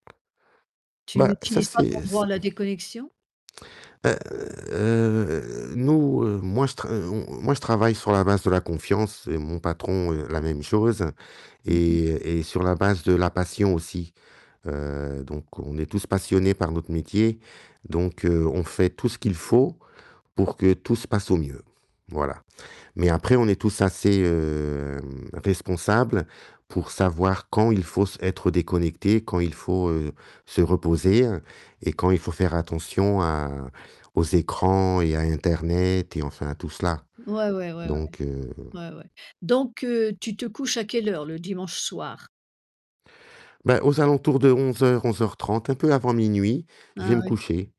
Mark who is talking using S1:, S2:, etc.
S1: Tu
S2: Ben ça,
S1: n'utilises pas ton
S2: c'est
S1: droit à
S2: c'est
S1: la déconnexion?
S2: heu, nous, heu, moi, je tr heu, on on moi je travaille sur la base de la confiance, et mon patron la même chose
S1: Mmh mh.
S2: et et sur la base de la passion aussi. Heu, donc on est tous passionnés par notre métier, donc heu, on fait tout ce qu'il faut pour que tout se passe au mieux, voilà. Mais après on est tous assez hem, responsables pour savoir quand il faut s être déconnecté, quand il faut, heu, se reposer et quand il faut faire attention à aux écrans et à internet et enfin à tout cela.
S1: Ouais, ouais, ouais, ouais.
S2: Donc heu
S1: Ouais, ouais. Donc heu, tu te couches à quelle heure le dimanche soir?
S2: Ben, aux alentours de 23:00-23:30, un peu avant minuit, je vais
S1: Ah
S2: me
S1: oui.
S2: coucher.